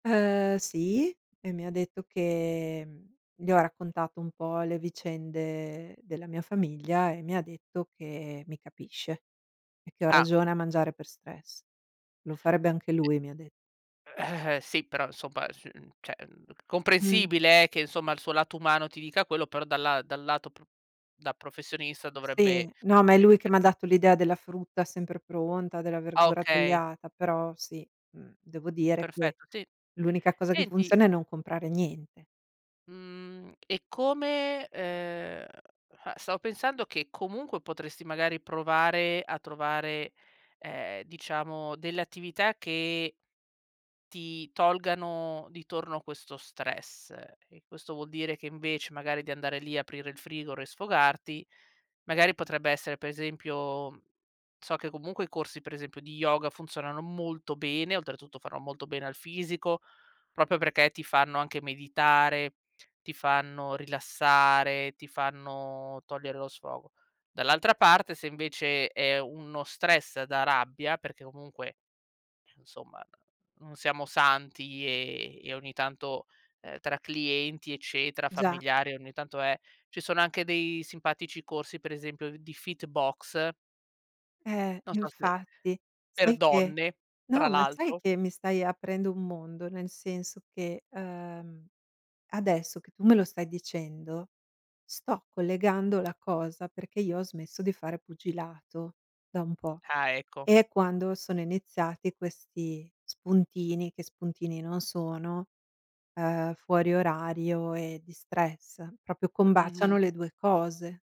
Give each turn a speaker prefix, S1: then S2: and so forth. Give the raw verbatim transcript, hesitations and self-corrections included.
S1: Ehm, sì, e mi detto che mhmm, le ho raccontato un po' le vicende della mia famiglia e mi detto che mi capisce. E che ho
S2: Ah.
S1: ragione a mangiare per stress. Lo farebbe anche lui, mi ha dett
S2: Eh eh, sì però insomma su cioè, mhmm,
S1: Mh.
S2: comprensibile eh, che insomma il suo lato umano ti dica quello, però dalla dal lato pr da professionista
S1: Sì.
S2: dovrebbe,
S1: No ma è
S2: ehm,
S1: lui che
S2: cer
S1: m'ha dato l'idea della frutta sempre pronta, della
S2: Ah
S1: verdura
S2: okay.
S1: tagliata, però sì, mhmm, devo dire che,
S2: Perfetto, sì.
S1: l'unica cosa che
S2: Senti
S1: funziona è non comprare niente.
S2: Mhmm, e come, ehm, stavo pensando che comunque potresti magari provare a trovare, ehm, diciamo delle attività che ti tolgano di torno questo stress, e questo vuol dire che invece magari di andare lì aprire il frigor e sfogarti, magari potrebbe essere per esempio, so che comunque i corsi per esempio di yoga funzionano molto bene, oltretutto fanno molto bene al fisico propio perché ti fanno anche meditare, ti fanno rilassare, ti fanno togliere lo sfogo. Dall'altra parte, se invece è uno stress da rabbia, perché comunque, somma non siamo santi, ehm, e ogni tanto, ehm, tra clienti eccetera,
S1: Già.
S2: familiari, ogni tanto è ci sono anche dei simpatici corsi per esempio di fitbox
S1: Ehm,
S2: non so se
S1: infatti
S2: per
S1: sai che
S2: donne tra
S1: no, ma sai
S2: l'altro.
S1: che mi stai aprendo un mondo, nel senso che, ehm, adesso che tu me lo stai dicendo, sto collegando la cosa, perché io ho smesso di fare pugilato da un po'.
S2: Ah ecco.
S1: E quando sono iniziati questi spuntini, che spuntini non sono, uhm, fuori orario e di stress, propio combaciano
S2: Mh-mh.
S1: le due cose.